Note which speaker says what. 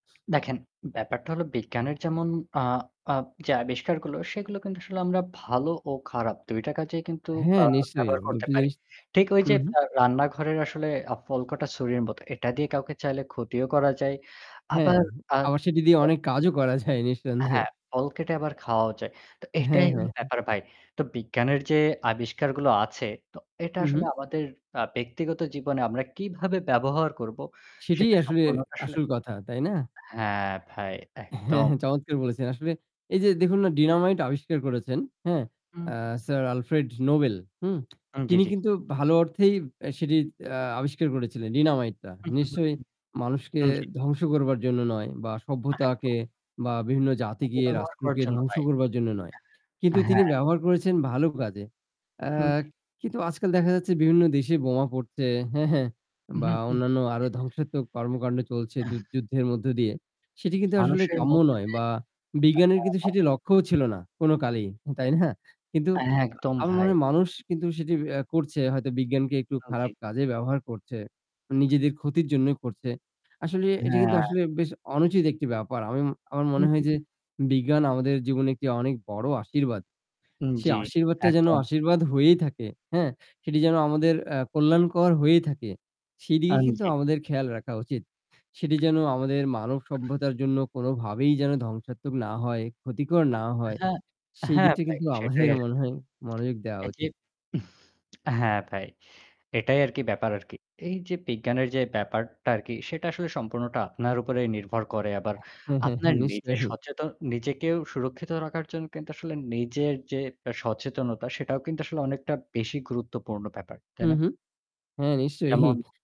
Speaker 1: দেখেন, ব্যাপারটা হলো বিজ্ঞানের যেমন আ আ যে আবিষ্কারগুলো সেগুলো কিন্তু আসলে আমরা ভালো ও খারাপ। ২ টা কাজেই কিন্তু আ
Speaker 2: হ্যাঁ, নিশ্চয়ই
Speaker 1: ব্যবহার করতে
Speaker 2: দুটো
Speaker 1: পারি।
Speaker 2: জিনিস
Speaker 1: ঠিক ওই যে
Speaker 2: হুম, হুম।
Speaker 1: আ রান্নাঘরের আসলে আ ফলকটা ছুরির মতো। এটা দিয়ে কাউকে চাইলে ক্ষতিও করা যায়।
Speaker 2: হ্যাঁ,
Speaker 1: আবার আ
Speaker 2: আবার সেটি দিয়ে অনেক কাজও করা যায় নিঃসন্দেহে।
Speaker 1: হ্যাঁ, ফল কেটে আবার খাওয়াও যায়। তো
Speaker 2: হ্যাঁ,
Speaker 1: এটাই হলো
Speaker 2: হ্যাঁ।
Speaker 1: ব্যাপার ভাই। তো বিজ্ঞানের যে আবিষ্কারগুলো আছে তো এটা
Speaker 2: হু,
Speaker 1: আসলে
Speaker 2: হু।
Speaker 1: আমাদের আ ব্যক্তিগত জীবনে আমরা কিভাবে ব্যবহার করব
Speaker 2: সেটাই
Speaker 1: সেটা
Speaker 2: আসলে
Speaker 1: সম্পূর্ণ তো আসলে
Speaker 2: আসল কথা, তাই না?
Speaker 1: হ্যাঁ, ভাই,
Speaker 2: হ্যাঁ,
Speaker 1: একদম।
Speaker 2: হ্যাঁ, চমৎকার বলেছেন। আসলে এই যে দেখুন না ডিনামাইট আবিষ্কার করেছেন হ্যাঁ?
Speaker 1: হুম।
Speaker 2: আ স্যার আলফ্রেড নোবেল হুম?
Speaker 1: হু। জী,
Speaker 2: তিনি
Speaker 1: জী।
Speaker 2: কিন্তু ভালো অর্থেই সেটি আ আবিষ্কার করেছিলেন ডিনামাইটটা
Speaker 1: হু, হু, হু,
Speaker 2: নিশ্চয়
Speaker 1: হু।
Speaker 2: মানুষকে
Speaker 1: হুম, জী।
Speaker 2: ধ্বংস করবার জন্য নয় বা
Speaker 1: হ্যাঁ, তো।
Speaker 2: সভ্যতাকে বা বিভিন্ন জাতিকে
Speaker 1: অপব্যবহার করার
Speaker 2: রাষ্ট্রকে
Speaker 1: জন্য
Speaker 2: ধ্বংস
Speaker 1: নাই।
Speaker 2: করবার জন্য নয়। কিন্তু তিনি
Speaker 1: হ্যাঁ।
Speaker 2: ব্যবহার করেছেন ভালো কাজে। আ
Speaker 1: হ্যাঁ। জী।
Speaker 2: কিন্তু আজকাল দেখা যাচ্ছে বিভিন্ন দেশে বোমা পড়ছে, হ্যাঁ, হ্যাঁ,
Speaker 1: হুম,
Speaker 2: বা
Speaker 1: হুম।
Speaker 2: অন্যান্য আরো ধ্বংসাত্মক কর্মকাণ্ড চলছে যুধ যুদ্ধের মধ্য দিয়ে সেটি কিন্তু আসলে
Speaker 1: মানুষের
Speaker 2: কাম্য নয়
Speaker 1: মধ্যে
Speaker 2: বা বিজ্ঞানের কিন্তু সেটি লক্ষ্যও ছিল না কোন কালেই তাই না? কিন্তু
Speaker 1: হ্যাঁ, একদম
Speaker 2: আমার মনে
Speaker 1: ভাই।
Speaker 2: হয় মানুষ কিন্তু সেটি অ্যা করছে হয়তো বিজ্ঞানকে একটু
Speaker 1: আ জি।
Speaker 2: খারাপ কাজে ব্যবহার করছে নিজেদের ক্ষতির জন্যই করছে। আসলে এটা কিন্তু
Speaker 1: হ্যাঁ।
Speaker 2: আসলে বেশ অনুচিত একটি ব্যাপার আমি ম আমার
Speaker 1: হু,
Speaker 2: মনে
Speaker 1: হু,
Speaker 2: হয় যে
Speaker 1: হু।
Speaker 2: বিজ্ঞান আমাদের জীবনে একটি অনেক বড়ো আশীর্বাদ।
Speaker 1: হুম।
Speaker 2: সে
Speaker 1: জী,
Speaker 2: আশীর্বাদটা যেন
Speaker 1: একদম।
Speaker 2: আশীর্বাদ হয়েই থাকে, হ্যাঁ, সেটি যেন আমাদের আ কল্যাণকর হয়েই থাকে, সেদিকে
Speaker 1: হ্যাঁ।
Speaker 2: কিন্তু
Speaker 1: জী।
Speaker 2: আমাদের খেয়াল রাখা উচিত, সেটি যেন আমাদের মানবসভ্যতার জন্য কোনোভাবেই যেন ধ্বংসাত্মক না হয়, ক্ষতিকর না হয়,
Speaker 1: হ্যাঁ,
Speaker 2: সেই
Speaker 1: হ্যাঁ
Speaker 2: দিকটা
Speaker 1: ভাই
Speaker 2: কিন্তু
Speaker 1: সেটাই
Speaker 2: আমাদের মনে
Speaker 1: আসলে।
Speaker 2: হয় মনোযোগ দেওয়া
Speaker 1: এ যে
Speaker 2: উচিত।
Speaker 1: হ্যাঁ ভাই। এটাই আরকি ব্যাপার আরকি। এই যে বিজ্ঞানের যে ব্যাপারটা আরকি সেটা আসলে সম্পূর্ণটা আপনার উপরে নির্ভর করে। আবার
Speaker 2: হ্যাঁ, হ্যাঁ,
Speaker 1: আপনার নিজের
Speaker 2: নিশ্চয়ই।
Speaker 1: সচেতন নিজেকেও সুরক্ষিত রাখার জন্য কিন্তু আসলে নিজের যে সচেতনতা সেটাও কিন্তু আসলে অনেকটা বেশি গুরুত্বপূর্ণ ব্যাপার। তাই না?
Speaker 2: হুঁ-হুঁ। হ্যাঁ,
Speaker 1: যেমন
Speaker 2: নিশ্চয়ই।